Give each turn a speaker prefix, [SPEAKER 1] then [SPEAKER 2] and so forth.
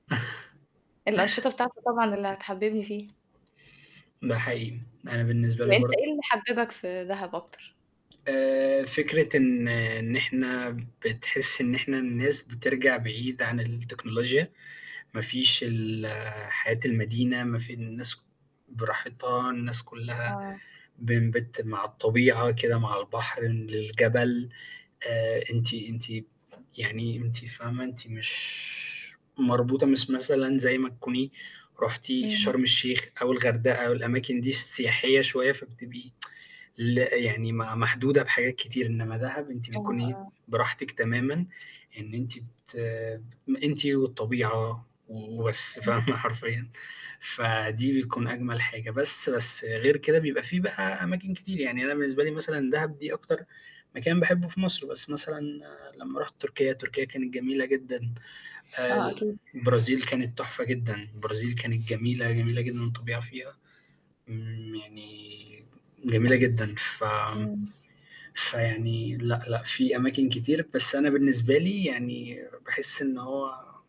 [SPEAKER 1] الأنشطة بتاعته طبعًا اللي حتحبِّبني فيه.
[SPEAKER 2] ده حقيقي، أنا بالنسبة لي
[SPEAKER 1] وأنت
[SPEAKER 2] برضه
[SPEAKER 1] إيه اللي حبِّبك في دهب أكثر؟
[SPEAKER 2] آآ، فكرة إن إن إحنا بتحسي إن احنا الناس بترجع بعيد عن التكنولوجيا، ما فيش ال حياة المدينة ما في الناس براحتها، الناس كُلّها
[SPEAKER 1] آه.
[SPEAKER 2] [unintelligible] مع الطبيعة كده، مع البحر للجبل آآ، أنتِ أنتِ يعني أنتِ فاهمة أنتِ مش مربوطة مش مثلًا زي ما تكوني رُحتِ
[SPEAKER 1] امم.
[SPEAKER 2] شرم الشيخ أو الغردقة أو الأماكن دي السياحية شوية، فبتبقي ل يعني م محدودة بحاجات كتير إنّما دهب أنتِ
[SPEAKER 1] آه،
[SPEAKER 2] بتكوني
[SPEAKER 1] آه.
[SPEAKER 2] براحتِك تمامًا إن أنتِ ت أنتِ والطبيعة و وبس فاهمة
[SPEAKER 1] امم.
[SPEAKER 2] حرفيًا فدي بيكون أجمل حاجة بس بس غير كده بيبقى في بقى أماكن كتير، يعني أنا بالنسبة لي مثلًا دهب دي أكتر مكان باحبّه في مصر، بس مثلًا لمّا رُحت تركيا، تركيا كانت جميلة جدًا آآ،
[SPEAKER 1] آه،
[SPEAKER 2] ال
[SPEAKER 1] أكيد.
[SPEAKER 2] البرازيل كانت تحفة جدًا، البرازيل كانت جميلة، جميلة جدًا الطبيعة فيها، امم يعني جميلة جدًا ف
[SPEAKER 1] إمم.
[SPEAKER 2] فيعني لأ، لأ في أماكن كتير، بس أنا بالنسبة لي يعني باحس إن هو